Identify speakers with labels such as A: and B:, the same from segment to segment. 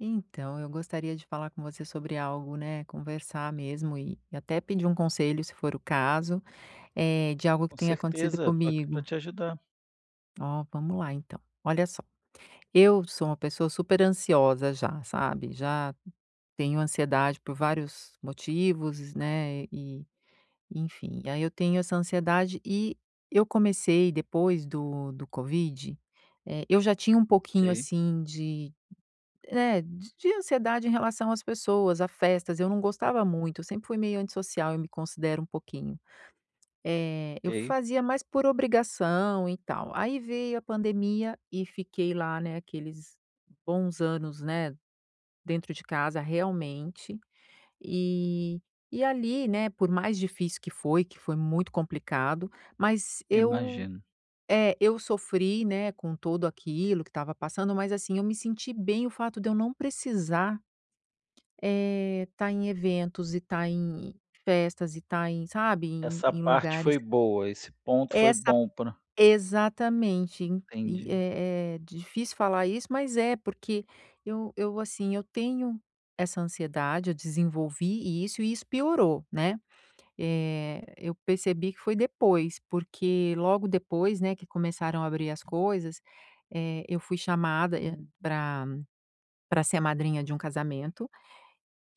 A: Então, eu gostaria de falar com você sobre algo, né, conversar mesmo e até pedir um conselho, se for o caso, eh, de algo que
B: Com
A: tem acontecido
B: certeza, tô aqui pra
A: comigo.
B: te ajudar.
A: Ó, vamos lá, então. Olha só, eu sou uma pessoa superansiosa já, sabe, já tenho ansiedade por vários motivos, né, e enfim, aí eu tenho essa ansiedade e eu comecei depois do do Covid, eh, eu já tinha um pouquinho
B: Ok.
A: assim de é, d de ansiedade em relação às pessoas, a festas, eu não gostava muito, eu sempre fui meio antissocial, eu me considero um pouquinho. Eh, eu
B: Ok.
A: fazia mais por obrigação e tal, aí veio a pandemia e fiquei lá, né, aqueles bons anos, né, dentro de casa realmente, e e ali, né, por mais difícil que foi, que foi muito complicado, mas eu,
B: Imagino.
A: eh, eu sofri, né, com tudo aquilo que tava passando, mas assim, eu me senti bem o fato de eu não precisar, eh, estar em eventos e tá em festas e tá em, sabe, em
B: Essa
A: em
B: parte
A: lugares
B: foi boa, esse ponto foi
A: Essa
B: bom pra
A: exatamente. En e
B: Entendi.
A: é é difícil falar isso, mas é, porque eu eu assim, eu tenho essa ansiedade, eu desenvolvi isso e isso piorou, né. Eh, eu percebi que foi depois, porque logo depois, né, que começaram a abrir as coisas, é, eu fui chamada pra pra ser a madrinha de um casamento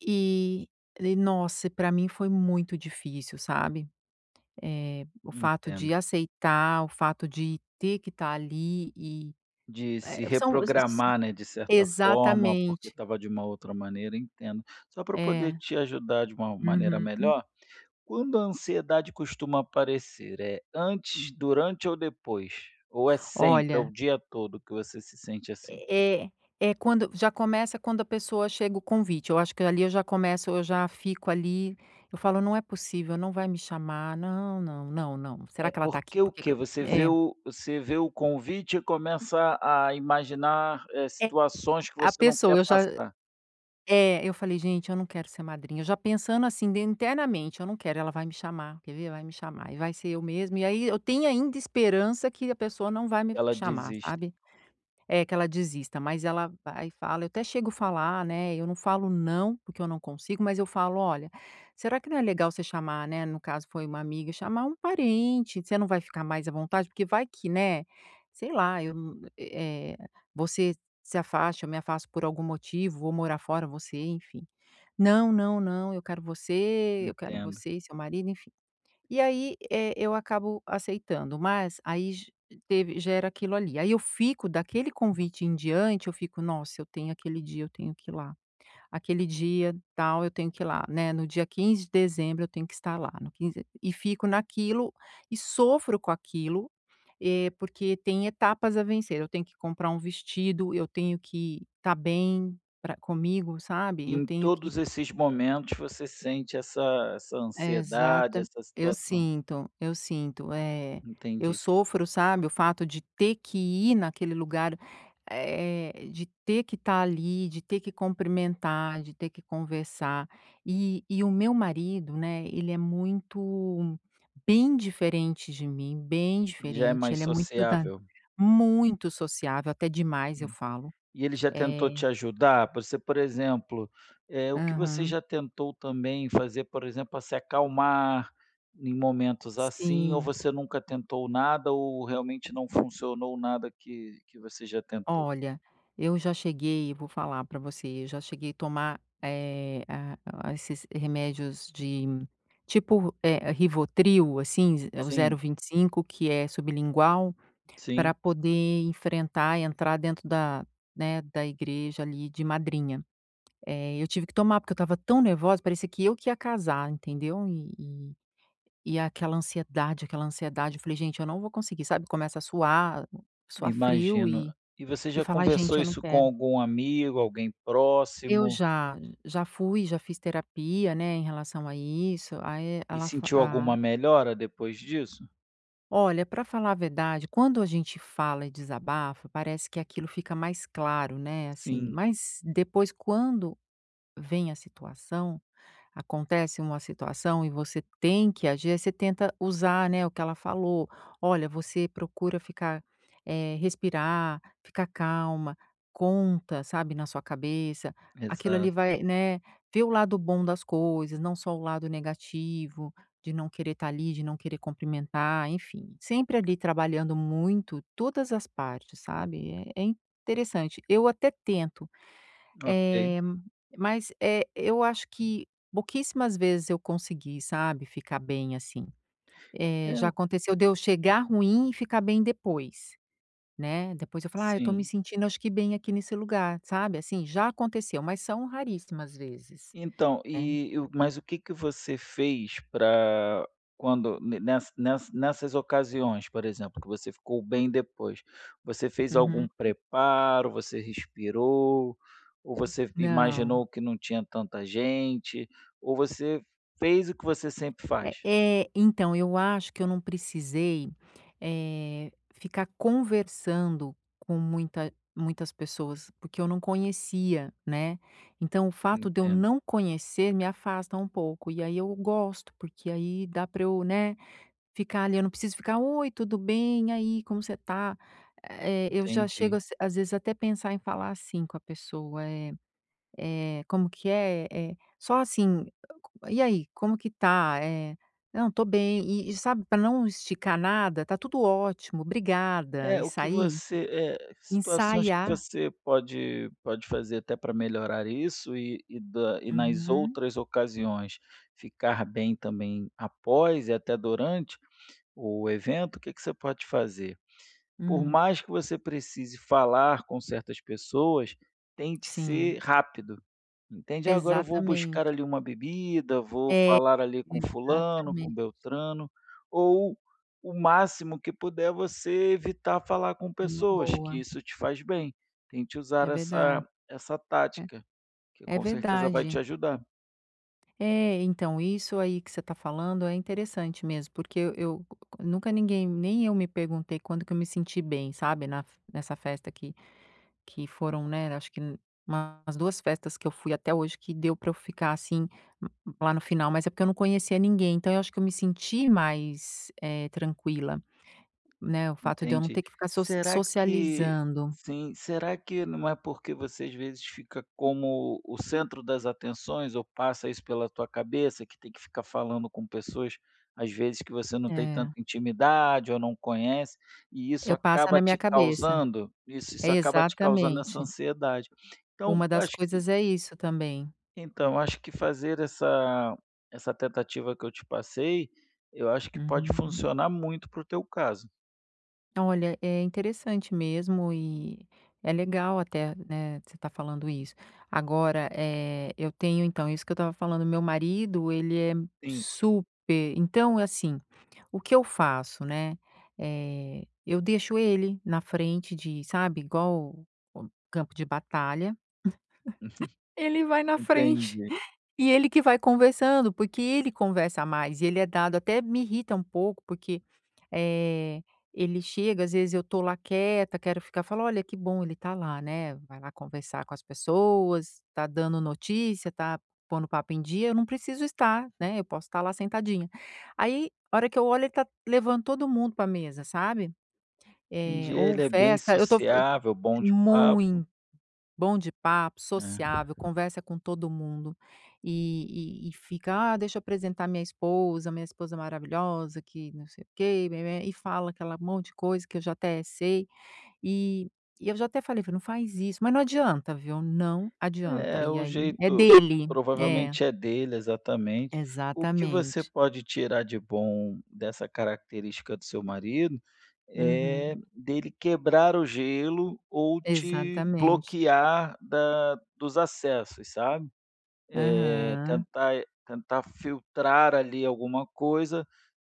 A: e e, nossa, pra mim foi muito difícil, sabe, eh, o fato de
B: Entendo.
A: aceitar, o fato de ter que tá ali e,
B: De se
A: é, são s s
B: reprogramar, né, de certa forma, porque
A: Exatamente.
B: tava de uma outra maneira, entendo. Só pra eu poder
A: É.
B: te ajudar de uma maneira
A: Uhum.
B: melhor, quando a ansiedade costuma aparecer, é antes, durante ou depois? Ou é sempre, é o
A: Olha
B: dia todo que você se sente assim?
A: É é quando já começa quando a pessoa chega o convite, eu acho que ali eu já começo, eu já fico ali, eu falo: "Não é possível, não vai me chamar. Não, não, não, não. Será
B: É
A: que ela tá aqui?
B: porque
A: Por
B: o
A: que que"
B: quê? Você vê
A: é.
B: o você vê o convite e começa a imaginar, eh,
A: É.
B: situações que
A: A
B: você não quer
A: pessoa, eu já hã,
B: passar.
A: é, eu falei: "Gente, eu não quero ser madrinha", eu já pensando assim de internamente, "Eu não quero, ela vai me chamar, quer ver? Vai me chamar e vai ser eu mesmo". E aí eu tenho ainda esperança que a pessoa não vai me
B: Ela
A: chamar,
B: desiste.
A: sabe, eh, que ela desista, mas ela vai e fala. Eu até chego falar, né, eu não falo não, porque eu não consigo, mas eu falo: "Olha, será que não é legal você chamar, né" no caso foi uma amiga, "Chamar um parente, você não vai ficar mais à vontade? Porque vai que, né, sei lá, eu, e eh, você se afasta, eu me afasto por algum motivo, vou morar fora, você, enfim", "Não, não, não, eu quero você, eu quero
B: Entendo.
A: você e seu marido", enfim. E aí, eh, eu acabo aceitando, mas aí j teve já era aquilo ali. Aí eu fico daquele convite em diante, eu fico: "Nossa, eu tenho aquele dia, eu tenho que ir lá. Aquele dia tal, eu tenho que ir lá, né, no dia 15 de dezembro, eu tenho que estar lá, no quinz" E fico naquilo e sofro com aquilo, eh, porque tem etapas a vencer. Eu tenho que comprar um vestido, eu tenho que tá bem pra comigo, sabe? Eu
B: Em
A: tenho que
B: todos esses momentos você sente essa essa ansiedade,
A: Exata
B: essa
A: eu
B: situação?
A: sinto, eu sinto, é. Eu
B: Entendi.
A: sofro, sabe, o fato de ter que ir naquele lugar, eh, de ter que tá ali, de ter que cumprimentar, de ter que conversar. E e o meu marido, né, ele é muito bem diferente de mim, bem
B: Já é
A: diferente,
B: mais
A: ele é muito da
B: sociável?
A: muito sociável, até demais, eu
B: Hum.
A: falo.
B: E ele já tentou
A: É
B: te ajudar? Você, por exemplo, eh, o que você
A: Aham.
B: já tentou também fazer, por exemplo, pra se acalmar em momentos assim, ou
A: Sim.
B: você nunca tentou nada ou realmente não funcionou nada que que você já tentou?
A: Olha, eu já cheguei, vou falar pra você, eu já cheguei tomar, eh, a a esses remédios de tipo, eh, Rivotril, assim, z o zero
B: Sim.
A: vinte e cinco, que é sublingual, pra
B: Sim.
A: poder enfrentar e entrar dentro da, né, da igreja ali de madrinha. É, eu tive que tomar, porque eu tava tão nervosa, parecia que eu que ia casar, entendeu, e e e aquela ansiedade aquela ansiedade, eu falei: "Gente, eu não vou conseguir", sabe, começa a suar, suar frio
B: Imagino.
A: e
B: E você
A: e
B: já
A: falar: "Gente,
B: conversou
A: eu não
B: isso com
A: quero".
B: algum amigo, alguém
A: Eu
B: próximo?
A: já, já fui, já fiz terapia, né, em relação a isso. Aí
B: E
A: ela fa
B: sentiu alguma
A: a
B: melhora depois disso?
A: Olha, pra falar a verdade, quando a gente fala e desabafa, parece que aquilo fica mais claro, né, assim,
B: Sim.
A: mas depois quando vem a situação, acontece uma situação e você tem que agir, aí você tenta usar, né, o que ela falou, "Olha, você procura ficar, eh, respirar, ficar calma, conta, sabe, na sua cabeça, aquilo ali
B: Exato.
A: vai, né, vê o lado bom das coisas, não só o lado negativo de não querer tá ali, de não querer cumprimentar", enfim. Sempre ali trabalhando muito todas as partes, sabe, é é interessante. Eu até tento,
B: Ok.
A: eh, mas, eh, eu acho que pouquíssimas vezes eu consegui, sabe, ficar bem assim,
B: É
A: eh, já
B: o
A: aconteceu de eu chegar ruim e ficar bem depois, né, depois eu falo: "Ah, eu tô me
B: Sim.
A: sentindo acho que bem aqui nesse lugar", sabe, assim? Já aconteceu, mas são raríssimas vezes,
B: Então,
A: né.
B: e eu mas o que que você fez pra quando ne ness ness nessas ocasiões, por exemplo, que você ficou bem depois. Você fez algum
A: Uhum.
B: preparo, você respirou ou você
A: Não.
B: imaginou que não tinha tanta gente, ou você fez o que você sempre
A: É
B: faz?
A: é, então, eu acho que eu não precisei, eh, ficar conversando com muita muitas pessoas, porque eu não conhecia, né. Então, o fato de eu
B: Entendo.
A: não conhecer me afasta um pouco, e aí eu gosto, porque aí dá pra eu, né, ficar ali, eu não preciso ficar: "Oi, tudo bem? E aí, como você tá?" eh, eu já chego
B: Entendi.
A: às vezes até pensar em falar assim com a pessoa, é é, como que é, é, só assim: "E aí, c como que tá?", é "Não, tô bem". E e sabe pra não esticar nada? "Tá tudo ótimo, brigada!",
B: É,
A: e
B: o que
A: sair,
B: você, eh, situações que
A: ensaiar
B: você pode, pode fazer até pra melhorar isso e e da e nas
A: Uhum.
B: outras ocasiões ficar bem também após e até durante o evento, o que que você pode fazer? Por
A: Hum.
B: mais que você precise falar com certas pessoas, tente
A: Sim.
B: ser rápido, entende, "Ah, agora eu vou buscar
A: Exatamente.
B: ali uma bebida, vou
A: É,
B: falar ali com fulano,
A: exatamente.
B: com beltrano", ou o máximo que puder você evitar falar com
A: É uma
B: pessoas, que
A: boa.
B: isso te faz bem. Tente usar
A: É verdade.
B: essa essa
A: É,
B: tática, que
A: é
B: com certeza vai te
A: verdade.
B: ajudar.
A: É, então, isso aí que você tá falando é interessante mesmo, porque eu eu c nunca ninguém, nem eu me perguntei quando que eu me senti bem, sabe, na f nessa festa que que foram, né, acho que umas duas festas que eu fui até hoje que deu pra eu ficar assim lá no final, mas é porque eu não conhecia ninguém. Então, eu acho que eu me senti mais, eh, tranquila, né, o fato de eu não
B: Entendi.
A: ter que ficar soci
B: Será que
A: socializando.
B: sim. Será que não é porque você, às vezes, fica como o centro das atenções ou passa isso pela tua cabeça, que tem que ficar falando com pessoas, às vezes, que você não tem tanta
A: É.
B: intimidade ou não conhece e isso
A: Eu passo é
B: acaba
A: na minha
B: te
A: cabeça.
B: causando, isso
A: É
B: isso acaba te causando essa
A: exatamente.
B: ansiedade? Então,
A: Uma das
B: acho que
A: coisas é isso também.
B: então, acho que fazer essa essa tentativa que eu te passei, eu acho que pode
A: Uhum.
B: funcionar muito para o teu caso.
A: Olha, é interessante mesmo e é legal até, né, você tá falando isso. Agora, eh, eu tenho então isso que eu tava falando, meu marido, ele é
B: Sim.
A: super então assim, o que eu faço, né, eh, eu deixo ele na frente de sabe, igual o campo de batalha, ele vai na frente
B: Entendi.
A: e ele que vai conversando, porque ele conversa mais e ele é dado, até me irrita um pouco, porque, eh, ele chega, às vezes eu tô lá quieta, quero ficar falo: "Olha, que bom, ele tá lá, né, vai lá conversar com as pessoas, tá dando notícia, tá pondo o papo em dia, eu não preciso estar, né, eu posso tá lá sentadinha". Aí a hora que eu olho, ele tá levando todo mundo pra mesa, sabe, eh,
B: Entendi,
A: ou
B: ele é bem
A: festa, eu tô
B: sociável, bom de papo.
A: muito. Bom de papo,
B: Hã.
A: sociável, conversa com todo mundo e e-e fica: "Ah, deixa eu apresentar minha esposa, minha esposa maravilhosa, que não sei o quê", bé-bé-bé, e fala aquela monte de coisa que eu já até sei. E e eu já até falei: "Não faz isso", mas não adianta, viu, não adianta,
B: É,
A: e
B: o
A: aí é
B: jeito
A: dele. É.
B: provavelmente é dele, exatamente. O que você
A: Exatamente.
B: pode tirar de bom dessa característica do seu marido,
A: Uhum.
B: é dele quebrar o gelo ou te
A: Exatamente.
B: bloquear da dos acessos, sabe, eh,
A: Aham.
B: tentar tentar filtrar ali alguma coisa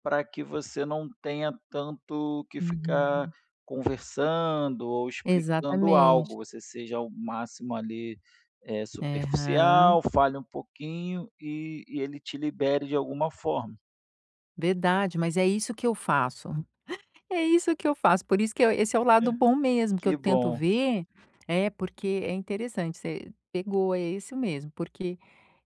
B: pra que você não tenha tanto que ficar
A: Uhum.
B: conversando ou explicando
A: Exatamente.
B: algo, você seja o máximo ali, eh, superficial,
A: Aham.
B: fale um pouquinho e e ele te libere de alguma forma.
A: Verdade, mas é isso que eu faço. É isso que eu faço, por isso que eu esse é o lado
B: É
A: bom mesmo que eu
B: que
A: tento
B: bom.
A: ver é, porque é interessante, você pegou, é isso mesmo. Porque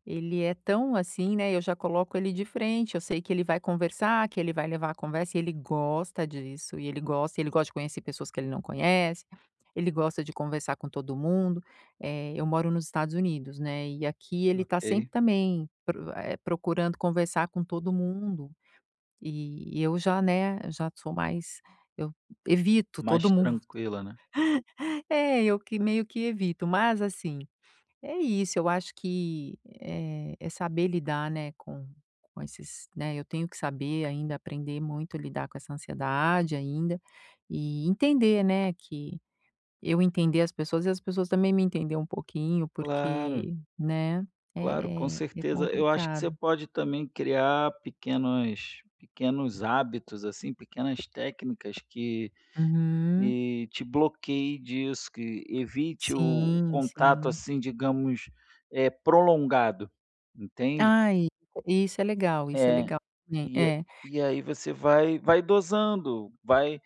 A: ele é tão assim, né, eu já coloco ele de frente. Eu sei que ele vai conversar, que ele vai levar a conversa, e ele gosta disso, e ele gosta. Ele gosta de conhecer pessoas que ele não conhece; ele gosta de conversar com todo mundo. Eh, eu moro nos Estados Unidos, né, e aqui ele tá sempre
B: Ok.
A: também pro eh, procurando conversar com todo mundo. E e eu já, né, já sou mais eu evito todo
B: Mais
A: mundo.
B: tranquila, né.
A: É, eu que meio que evito. Mas assim, é isso, eu acho que, eh, é saber lidar, né, com com esses, né, eu tenho que saber ainda aprender muito a lidar com essa ansiedade ainda e entender, né, que eu entender as pessoas e as pessoas também me entender um pouquinho.
B: Claro.
A: Porque, né,
B: Claro, com
A: é é é
B: certeza. Eu acho que
A: complicado.
B: você pode também criar pequenas pequenos hábitos, assim, pequenas técnicas que,
A: Uhum.
B: eh, te bloqueie disso, que evite o
A: Sim,
B: contato,
A: sim.
B: assim, digamos, eh, prolongado, entende?
A: Ai, isso é legal, isso é
B: É,
A: legal. É
B: e a
A: é.
B: e aí você vai vai dosando, vai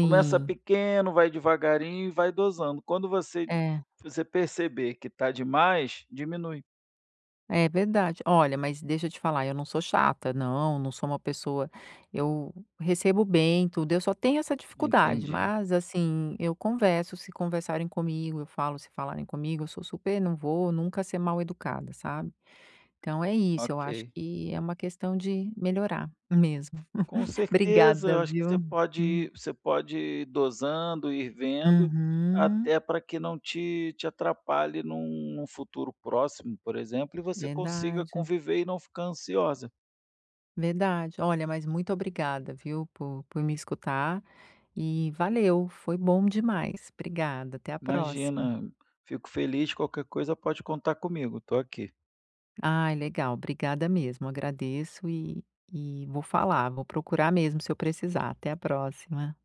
B: começa pequeno, vai devagarinho e vai dosando. Quando você
A: É.
B: você perceber que tá demais, diminui.
A: É verdade. Olha, mas deixa eu te falar, eu não sou chata, não, não sou uma pessoa eu recebo bem tudo. Eu só tenho essa dificuldade,
B: Entendi.
A: mas, assim, eu converso se conversarem comigo, eu falo se falarem comigo, eu sou super não vou nunca ser mal-educada, sabe. Então é isso, eu acho
B: Ok.
A: que é uma questão de melhorar mesmo.
B: Com certeza. Eu
A: Obrigada,
B: acho que
A: viu.
B: você pode ir você pode ir dosando, ir vendo.
A: Uhum.
B: Até pra que não te te atrapalhe em um em um futuro próximo, por exemplo, e você consiga
A: Verdade.
B: conviver e não ficar ansiosa.
A: Verdade. Olha, mas muito obrigada, viu, por por me escutar e valeu, foi bom demais. Obrigada, até a próxima.
B: Imagina, fico feliz. Qualquer coisa, pode contar comigo, tô aqui.
A: Ai, legal, obrigada mesmo. Agradeço e e vou falar, vou procurar mesmo se eu precisar. Até a próxima.